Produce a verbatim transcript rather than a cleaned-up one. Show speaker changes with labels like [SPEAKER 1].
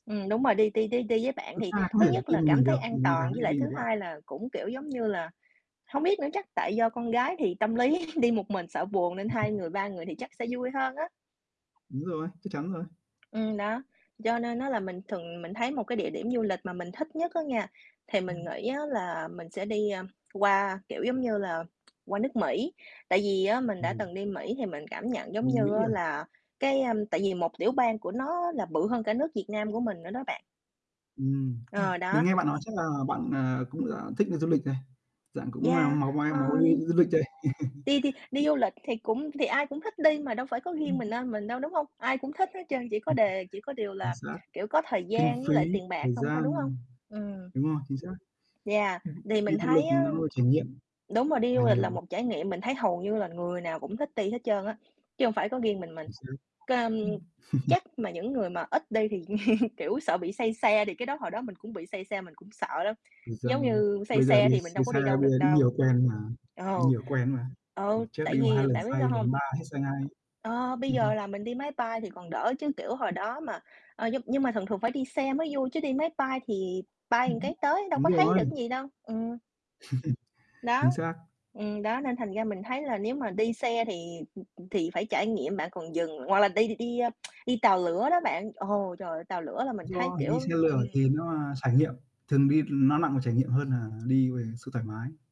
[SPEAKER 1] Ừm, đúng rồi, đi đi đi đi với bạn
[SPEAKER 2] Con
[SPEAKER 1] thì
[SPEAKER 2] trai có
[SPEAKER 1] thứ
[SPEAKER 2] thể
[SPEAKER 1] nhất
[SPEAKER 2] đi
[SPEAKER 1] là
[SPEAKER 2] một
[SPEAKER 1] cảm
[SPEAKER 2] mình
[SPEAKER 1] thấy
[SPEAKER 2] được,
[SPEAKER 1] an
[SPEAKER 2] còn con gái
[SPEAKER 1] toàn, với
[SPEAKER 2] thì
[SPEAKER 1] lại
[SPEAKER 2] đi
[SPEAKER 1] thứ
[SPEAKER 2] với bạn.
[SPEAKER 1] hai là cũng, kiểu, giống như là, hông biết nữa chắc tại do con gái thì tâm lý đi một mình sợ buồn nên hai người, ba người thì chắc sẽ vui hơn á.
[SPEAKER 2] Đúng rồi, chắc chắn rồi.
[SPEAKER 1] Ừm, đó. Cho nên á là mình thường mình thấy một cái địa điểm du lịch mà mình thích nhất á nha, thì mình
[SPEAKER 2] Ừm.
[SPEAKER 1] nghĩ á là mình sẽ đi, a, qua, kiểu, giống như là, qua nước Mỹ, tại vì á mình
[SPEAKER 2] Ồ.
[SPEAKER 1] đã từng đi Mỹ thì mình cảm nhận giống
[SPEAKER 2] Đi
[SPEAKER 1] như
[SPEAKER 2] Mỹ
[SPEAKER 1] á
[SPEAKER 2] à?
[SPEAKER 1] là cái, a tại vì một tiểu bang của nó là bự hơn cả nước Việt Nam của mình nữa đó bạn.
[SPEAKER 2] Ừm. Ưm.
[SPEAKER 1] Ờ,
[SPEAKER 2] Mình
[SPEAKER 1] đó,
[SPEAKER 2] nghe bạn nói chắc là
[SPEAKER 1] x
[SPEAKER 2] bạn, ờ, cũng, à, thích đi du lịch đây, dạng cũng là
[SPEAKER 1] Yeah.
[SPEAKER 2] máu máy
[SPEAKER 1] Ơ,
[SPEAKER 2] máu đi
[SPEAKER 1] ưm.
[SPEAKER 2] du du lịch đấy.
[SPEAKER 1] Đi đi đi du lịch thì cũng thì ai cũng thích đi mà đâu phải có riêng
[SPEAKER 2] Ừm.
[SPEAKER 1] miền Nam mình đâu, đúng hông? Ai cũng thích hết trơn, chỉ có
[SPEAKER 2] [unintelligible]
[SPEAKER 1] đề chỉ có điều
[SPEAKER 2] Chính
[SPEAKER 1] là,
[SPEAKER 2] xác.
[SPEAKER 1] kiểu, có thời
[SPEAKER 2] Kinh
[SPEAKER 1] gian với lại
[SPEAKER 2] phí,
[SPEAKER 1] tiền bạc
[SPEAKER 2] thời
[SPEAKER 1] hông thôi, đúng hông?
[SPEAKER 2] gian.
[SPEAKER 1] Ừm.
[SPEAKER 2] Đúng rồi, chính xác.
[SPEAKER 1] Yeah.
[SPEAKER 2] Ừm.
[SPEAKER 1] Thì
[SPEAKER 2] Đi
[SPEAKER 1] mình
[SPEAKER 2] du lịch
[SPEAKER 1] thấy
[SPEAKER 2] thì
[SPEAKER 1] á
[SPEAKER 2] nó là trải nghiệm
[SPEAKER 1] đúng rồi, đi
[SPEAKER 2] là
[SPEAKER 1] du lịch là
[SPEAKER 2] nhiều.
[SPEAKER 1] một trải nghiệm mình thấy hầu như là người nào cũng thích ti hết trơn á, chứ hông phải có riêng mình mình,
[SPEAKER 2] Chính xác.
[SPEAKER 1] cơm
[SPEAKER 2] Ừm.
[SPEAKER 1] chắc mà những người mà ít đi thì, kiểu, sợ bị say xe thì cái đó hồi đó mình cũng bị say xe mình cũng sợ đó,
[SPEAKER 2] Thời gian
[SPEAKER 1] giống như, say
[SPEAKER 2] Bây giờ
[SPEAKER 1] xe
[SPEAKER 2] đi
[SPEAKER 1] thì mình
[SPEAKER 2] say
[SPEAKER 1] đâu có
[SPEAKER 2] xe,
[SPEAKER 1] đi đâu
[SPEAKER 2] bây giờ
[SPEAKER 1] được
[SPEAKER 2] đi
[SPEAKER 1] đâu.
[SPEAKER 2] nhiều quen mà
[SPEAKER 1] Ừ.
[SPEAKER 2] đi nhiều quen mà,
[SPEAKER 1] Ừ.
[SPEAKER 2] lần trước
[SPEAKER 1] Tại
[SPEAKER 2] đi một hai
[SPEAKER 1] vì
[SPEAKER 2] lần
[SPEAKER 1] bạn biết
[SPEAKER 2] say,
[SPEAKER 1] sao hông?
[SPEAKER 2] lần ba hết say ngay.
[SPEAKER 1] Ờ, bây giờ là mình đi máy bay thì còn đỡ chứ, kiểu, hồi đó mà ờ, nhưng nhưng mà thường thường phải đi xe mới vui chứ đi máy bay thì bay ừn cái tới đâu
[SPEAKER 2] Đúng
[SPEAKER 1] có thấy được
[SPEAKER 2] rồi.
[SPEAKER 1] cái gì đâu. Ừm.
[SPEAKER 2] Chính
[SPEAKER 1] Đó.
[SPEAKER 2] xác.
[SPEAKER 1] Ừm, đó, nên thành ra mình thấy là nếu mà đi xe thì, ừm, ừm, thì phải trải nghiệm bạn còn dừng, hoặc là đi đi, a, đi tàu lửa đó bạn, ồ, trời ơi, tàu lửa là mình thấy,
[SPEAKER 2] Do mình
[SPEAKER 1] kiểu
[SPEAKER 2] đi xe lửa thì
[SPEAKER 1] ừm.
[SPEAKER 2] nó, à, trải nghiệm, thường đi nó nặng về trải nghiệm hơn là đi về sự thoải mái.